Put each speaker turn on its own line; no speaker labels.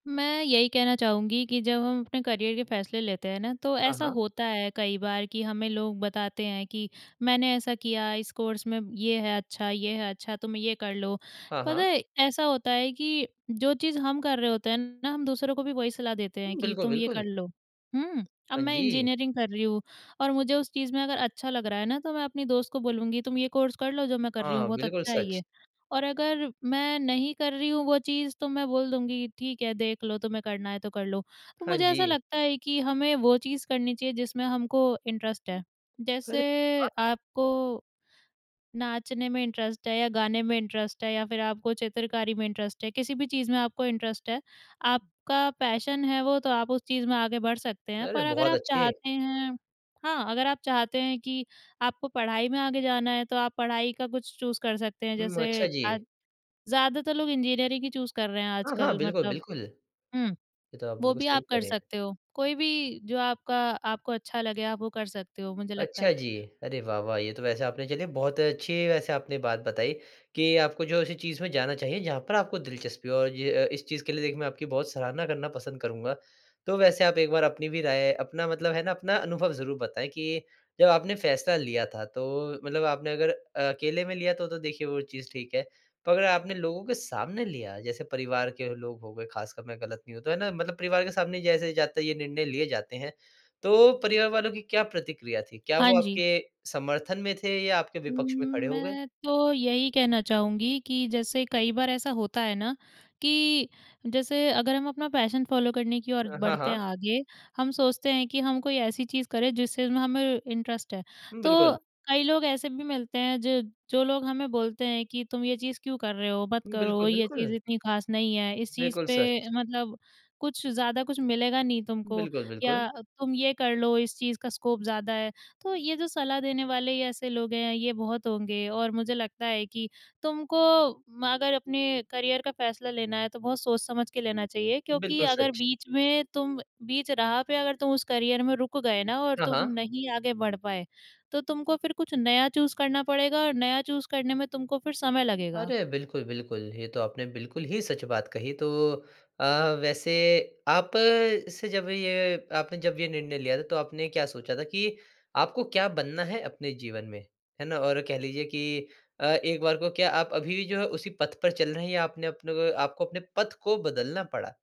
मैं यही कहना चाहूँगी कि जब हम अपने करियर के फ़ैसले लेते हैं ना तो
हाँ,
ऐसा
हाँ।
होता है कई बार कि हमें लोग बताते हैं कि मैंने ऐसा किया इस कोर्स में ये है अच्छा ये है अच्छा तुम ये कर लो।
हाँ,
पता
हाँ।
है ऐसा होता है कि जो चीज़ हम कर रहे होते हैं ना हम दूसरों को भी वही सलाह देते हैं
हुँ।
कि
बिल्कुल,
तुम ये
बिल्कुल।
कर लो। हुँ, अब
हाँ
मैं
जी।
इंजीनियरिंग कर रही हूँ और मुझे उस चीज़ में अगर अच्छा लग रहा है ना तो मैं अपनी दोस्त को बोलूँगी तुम ये कोर्स कर लो जो मैं कर रही हूँ
हाँ,
बहुत
बिल्कुल
अच्छा है
सच।
ये और अगर मैं नहीं कर रही हूँ वो चीज़ तो मैं बोल दूँगी ठीक है देख लो तुम्हें करना है तो कर लो।
हाँ
मुझे ऐसा
जी।
लगता है कि हमें वो चीज़ करनी चाहिए जिसमें हमको इंटरेस्ट है।
अरे
जैसे
वाह!
आपको नाचने में इंटरेस्ट है या गाने में इंटरेस्ट है या फ़िर आपको चित्रकारी में इंटरेस्ट है किसी-भी चीज़ में आपको इंटरेस्ट है आपका पैशन है वो तो आप उस चीज़ में आगे बढ़ सकते हैं,
अरे
पर अगर
बहुत
आप
अच्छे!
चाहते हैं हाँ, अगर आप चाहते हैं कि आपको पढ़ाई में आगे जाना है तो आप पढ़ाई का कुछ चूज़ कर सकते हैं
उम, अच्छा
जैसे
जी।
आज ज़्यादातर लोग इंजीनियरिंग ही चूज़ कर रहे हैं
हाँ, हाँ
आजकल
बिल्कुल,
मतलब
बिल्कुल। ये
हुँ,
तो आप
वो
बिल्कुल
भी
सही
आप
कह
कर
रहे हैं।
सकते हो। कोई भी जो आपका आपको अच्छा लगे आप वो कर सकते हो मुझे लगता
अच्छा
है।
जी, अरे वाह-वाह! ये तो वैसे आपने चलिए बहुत अच्छी वैसे आपने बात बताई कि आपको जो ऐसी चीज़ में जाना चाहिए जहाँ पर आपको दिलचस्पी हो और ज अ, इस चीज़ के लिए देखिए मैं आपकी बहुत सराहना करना पसंद करूँगा। तो वैसे आप एक बार अपनी भी राय अपना मतलब है ना अपना अनुभव ज़रूर बताएँ कि जब आपने फ़ैसला लिया था तो मतलब आपने अगर अ अकेले में लिया तो तो देखिए वो चीज़ ठीक है, पर अगर आपने लोगों के सामने लिया जैसे परिवार के लोग हो गए ख़ासकर मैं ग़लत नहीं हूँ तो है ना? मतलब परिवार के सामने जैसे जाते ये निर्णय लिए जाते हैं, तो परिवार वालों की क्या प्रतिक्रिया थी? क्या
हाँ
वो
जी।
आपके समर्थन में थे या आपके विपक्ष में
उम्म,
खड़े हो गए?
मैं तो यही कहना चाहूँगी कि जैसे कई बार ऐसा होता है ना कि जैसे अगर हम अपना पैशन फॉलो करने की और
अ, हाँ,
बढ़ते हैं
हाँ।
आगे हम सोचते हैं कि हम कोई ऐसी चीज़ करें जिस चीज़ में हमें इंटरेस्ट है। तो
बिल्कुल।
कई लोग ऐसे भी मिलते हैं ज जो लोग हमें बोलते हैं कि तुम ये चीज़ क्यों कर रहे हो मत करो
बिल्कुल,
ये
बिल्कुल।
चीज़ इतनी ख़ास नहीं है इस चीज़
बिल्कुल
पे
सच।
मतलब कुछ ज़्यादा कुछ मिलेगा नहीं तुमको
बिल्कुल, बिल्कुल।
या तुम ये कर लो इस चीज़ का स्कोप ज़्यादा है। तो ये जो सलाह देने वाले ऐसे लोग हैं ये बहुत होंगे और मुझे लगता है कि तुमको म अगर अपने करियर का फ़ैसला लेना है तो बहुत सोच-समझ के लेना चाहिए क्योंकि
बिल्कुल
अगर
सच।
बीच में तुम बीच राह पे अगर तुम उस करियर में रुक गए ना और
हाँ,
तुम
हाँ।
नहीं आगे बढ़ पाए तो तुमको फ़िर कुछ नया चूज़ करना पड़ेगा और नया चूज़ करने में तुमको फ़िर समय लगेगा।
अरे! बिल्कुल, बिल्कुल। ये तो आपने बिल्कुल ही सच बात कही। तो अ, वैसे आप से जब ये आपने जब ये निर्णय लिया था तो आपने क्या सोचा था कि आपको क्या बनना है अपने जीवन में? है ना और कह लीजिए कि अ, एक बार को क्या आप अभी-भी जो है उसी पथ पर चल रहे हैं या आपने अपने को आपको अपने पथ को बदलना पड़ा?